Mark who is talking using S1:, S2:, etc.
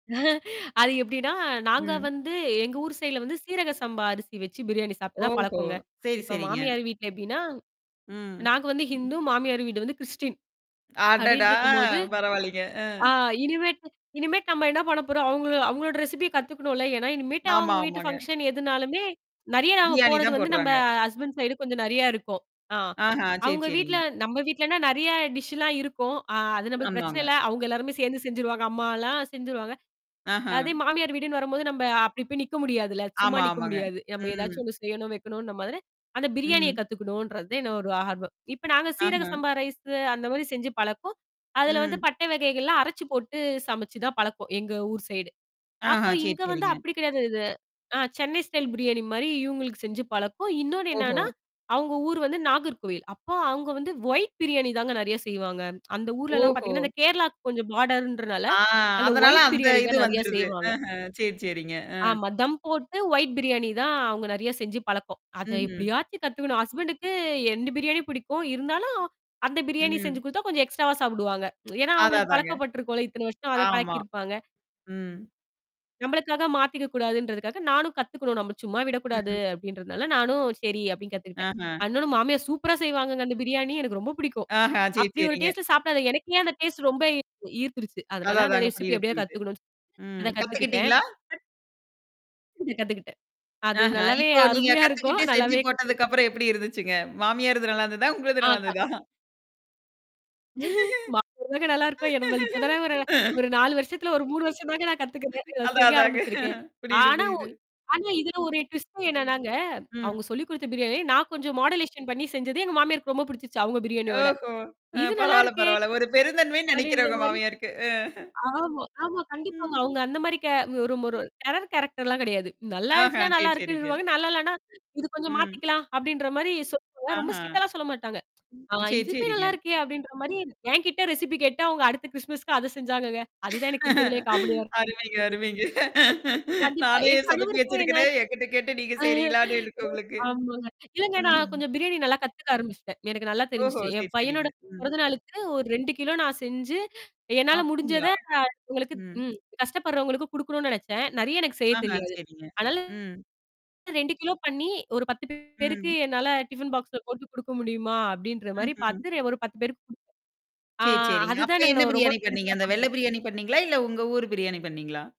S1: அது எப்ப்டின்னா, நாங்க
S2: ம்.
S1: வந்து எங்க ஊர் சைட்ல வந்து சீரக சம்பா அரிசி வச்சு பிரியாணி சாப்ட்டு தான்
S2: ஓஹோ!
S1: பழக்கங்க.
S2: சரி,
S1: இப்ப
S2: சரிங்க.
S1: மாமியார் வீட்ல எப்டின்னா,
S2: ம்.
S1: நாங்க வந்து
S2: ம்.
S1: ஹிந்து, மாமியார் வீடு வந்து கிரிஸ்டின்.
S2: அடடா!
S1: அப்டின்ட்ருக்கும்போது,
S2: பரவாலைங்க. அ.
S1: ஆ இனிமேட்டு இனிமேட்டு நம்ம என்ன பண்ண போறோம் அவுங்கள அவங்களோட ரெசிபிய கத்துக்கணும்ல. ஏன்னா இனிமேட்டு
S2: ஆமா,
S1: அவங்க வீட்டு
S2: ஆமாங்க.
S1: ஃபங்ஷன் எதுனாலுமே நெறையா
S2: பிரியாணி
S1: போறது
S2: தான்
S1: வந்து நம்ம
S2: போட்றாங்க.
S1: ஹஸ்பண்ட் சைடு கொஞ்சம் நெறையா இருக்கும். ஆ.
S2: ஆஹா, சரி,
S1: அவங்க வீட்ல
S2: சரிங்க.
S1: நம்ம வீட்லன்னா நெறைய டிஷ்லாம் இருக்கும். அ அது நம்மளுக்கு பிரச்சன
S2: ஆமாங்க.
S1: இல்ல. அவுங்க எல்லாருமே சேர்ந்து செஞ்சுருவாங்க. அம்மாலாம் செஞ்சுருவாங்க. அதே
S2: அஹ.
S1: மாமியார் வீடுன்னு வரும்போது நம்ம அப்டி போய் நிக்க முடியாதுல்ல. சும்மா
S2: ஆமா,
S1: நிக்க
S2: ஆமாங்க.
S1: முடியாது. நம்ம
S2: ம்.
S1: ஏதாச்சும் ஒண்ணு செய்யணும், வைக்கணுன மாரி. அந்த பிரியாணிய
S2: ம்.
S1: கத்துக்கணுன்றது தான் என்ன ஒரு ஆர்வம். இப்ப நாங்க சீரக
S2: ஆஹம்.
S1: சம்பா ரைஸு அந்த மாதிரி செஞ்சு பழக்கம். அதுல வந்து
S2: ம்.
S1: பட்டை வகைகள்லாம் அரைச்சு போட்டு சமைச்சு தான் பழக்கம், எங்க ஊர் சைடு.
S2: ஆஹா,
S1: அப்ப
S2: சரி,
S1: இங்க வந்து
S2: சரிங்க.
S1: அப்டி கிடையாது இது. ஆ சென்னை ஸ்டைல் பிரியாணி மாரி இவங்களுக்கு செஞ்சு பழக்கும். இன்னொன்னு
S2: ஓஹோ!
S1: என்னன்னா, அவங்க ஊர் வந்து நாகர்கோவில். அப்போ அங்க வந்து ஒயிட் பிரியாணி தாங்க நெறையா செய்வாங்க. அந்த ஊர்லல்லாம்
S2: ஓஹோ!
S1: பாத்தீங்கன்னா, அ இந்த கேரளாக்கு கொஞ்சம் பார்டர்ன்றனால.
S2: ஆ
S1: அந்த
S2: அதனால
S1: ஒயிட்
S2: அந்த
S1: பிரியாணி
S2: இது
S1: தான் நெறையா
S2: வந்துருது.
S1: செய்வாங்க.
S2: அஹ சரி, சரிங்க. அ.
S1: ஆமா. தம் போட்டு ஒயிட் பிரியாணி தான் அவுங்க நெறையா செஞ்சு பழக்கம். அத
S2: ம்ஹ்ம்.
S1: எப்படியாச்சும் கத்துக்கணும் ஹஸ்பண்டுக்கு 2 பிரியாணியும் பிடிக்கும். இருந்தாலும் அந்த பிரியாணி செஞ்சு
S2: ம்.
S1: குடுத்தா, கொஞ்சம் எக்ஸ்ட்ராவா சாப்டுவாங்க. ஏன்னா
S2: அத,
S1: அவங்களுக்கு
S2: அதாங்க.
S1: பழக்கப்பட்ருக்கும்ல. இத்தன வருஷம் அத
S2: ஆமா.
S1: பழக்கிருப்பாங்க.
S2: ம்.
S1: நம்மளுக்காக மாத்திக்கக்கூடாதுன்றதுக்கா நானும் கத்துக்கணும். நம்ம சும்மா விடக்கூடாது
S2: ம்.
S1: அப்டின்றனால, நானும் சரி அப்டின்னு கத்துக்கிட்டேன்.
S2: ஆஹம்.
S1: அண்ணனு மாமியா சூப்பரா செய்வாங்கங்க அந்த பிரியாணி எனக்கு ரொம்ப பிடிக்கும்.
S2: ஆஹம் சரி
S1: அப்டி ஒரு
S2: சரிங்க.
S1: டேஸ்ட்ல சாப்டாத எனக்கே அந்த டேஸ்ட் ரொம்ப ஈர்த்துருச்சு.
S2: அத,
S1: அதனால அந்த
S2: அதாங்க
S1: ரெசிபி
S2: புரியுது,
S1: எப்படியாது
S2: புரியுது.
S1: கத்துக்கணும்னு சொலிட்டு.
S2: ம்.
S1: அத கத்துக்கிட்டேன்.
S2: கத்துக்கிட்டீங்களா?
S1: கத்துக்கிட்டேன். அது
S2: அஹ.
S1: நல்லாவே
S2: இப்போ நீங்க
S1: அருமையா இருக்கும்.
S2: கத்துக்கிட்டு செஞ்சு
S1: நல்லாவே கத்துகிட்டேன்.
S2: போட்டதுக்கப்புறம் எப்படி இருந்துச்சுங்க? மாமியாரிது நல்லாருந்துதா? உங்கது
S1: ஆ க
S2: நல்லாருந்துதா?
S1: மா [unintelligible] தாங்க நல்லாருக்கும். என்னா நம்ம இப்ப தான ஒரு ஒரு 4 வருஷத்துல ஒரு 3 வருஷம் தாங்க நான் கத்துக்குிறேன். இத
S2: அதான்,
S1: செய்ய
S2: அதாங்க
S1: ஆரம்பிச்சிருக்கேன்.
S2: புரியுது,
S1: ஆனா ஒ
S2: புரிது.
S1: ஆனா இதுல ஒரு டுவிஸ்ட் என்னன்னாங்க,
S2: ம்.
S1: அவுங்க சொல்லிக் குடுத்த பிரியாணி நான் கொஞ்சம் மாடுலேஷன் பண்ணி செஞ்சது எங்க மாமியாருக்கு ரொம்ப பிடிச்சிருச்சு அவுங்க பிரியாணியோட.
S2: ஓஹோ! அ
S1: "இது
S2: பரவால்ல
S1: நல்லாருக்கே?"
S2: பரவால்ல. ஒரு பெருந்தன்மைன்னு நெனக்கிறேன்
S1: அப்டின்ற
S2: உங்க
S1: மாரி.
S2: மாமியாருக்கு. அ.
S1: ஆமா, ஆமா, கண்டிப்பாங்க.
S2: ம்.
S1: அவுங்க அந்த மாதிரி கே ஒரு ஒரு டெரர் கேரக்டர்லாம் கிடையாது. நல்லா
S2: அஹ.
S1: ஆச்சுனா
S2: சரி,
S1: நல்லா
S2: சரிங்க.
S1: இருக்குன்னுருவாங்க. நல்லா இல்லனா, "இது கொஞ்சம்
S2: ம்.
S1: மாத்திக்கலாம்." அப்டின்ற மாதிரி சொல்லுவாங்க.
S2: ஆஹ.
S1: ரொம்ப ஸ்ட்ரிக்ட்டால சொல்ல மாாட்டாங்க. ஆ
S2: சரி,
S1: இதுவுே
S2: சரிங்க.
S1: நல்லாருக்கே அப்டின்ற மாரி, என்கிட்ட ரெசிபி கேட்டு, அவுங்க அடுத்த கிறிஸ்துமஸ்க்கு அது செஞ்சாங்கங்க. அதுதான் எனக்கு இருக்கதிலயே காமெடியா இருக்கும்.
S2: அருமைங்க,
S1: [unintelligible]
S2: அருமைங்க.
S1: கண்டிப்பா.
S2: "நானே
S1: என்
S2: சொதப்பி
S1: கணவருக்கும் என்ன
S2: வச்சிருக்கனே. என்கிட்ட கேட்டு நீங்க செய்றீங்களான்னு." இருக்கு உங்களுக்கு.
S1: அ ஆமாங்க. இல்லங்க நான்
S2: ம்ஹ்ம்.
S1: கொஞ்சம் பிரியாணி நல்லா கத்துக்க ஆரம்பிச்சுட்டேன். எனக்கு நல்லா
S2: ஓஹோ!
S1: தெரிஞ்சுச்சு. என்
S2: சரி,
S1: பையனோட
S2: சரிங்க. ம்.
S1: பொறந்த நாளுக்கு ஒரு 2 கிலோ நான் செஞ்சு என்னால முடிஞ்சத
S2: அப்டிங்களா?
S1: அ உங்களுக்கு
S2: ம்.
S1: ம் கஷ்டப்படுறவங்களுக்கு குடுக்கணும்னு நினச்சேன். நெறைய எனக்கு செய்ய
S2: அஹம்
S1: தெரியாது.
S2: சரிங்க.
S1: அதனால
S2: ம்.
S1: 2 கிலோ பண்ணி ஒரு 10 பேருக்கு
S2: ம்.
S1: என்னால டிஃபன் பாக்ஸ்ல போட்டு குடுக்க முடியுமா? அப்டின்ற மாதிரி
S2: ம்ஹ்ம்.
S1: பாரத்து ஒரு 10 பேருக்கு குடு ஆ
S2: சரி, சரிங்க.
S1: அதுதான்
S2: அப்ப என்ன
S1: நாங்கலா நா ரொம்ப
S2: பிரியாணி பண்ணீங்க?
S1: பெருசா
S2: அந்த வெள்ள
S1: பார்க்கிறேன்.
S2: பிரியாணி பண்ணீங்களா? இல்ல உங்க ஊர் பிரியாணி பண்ணீங்களா?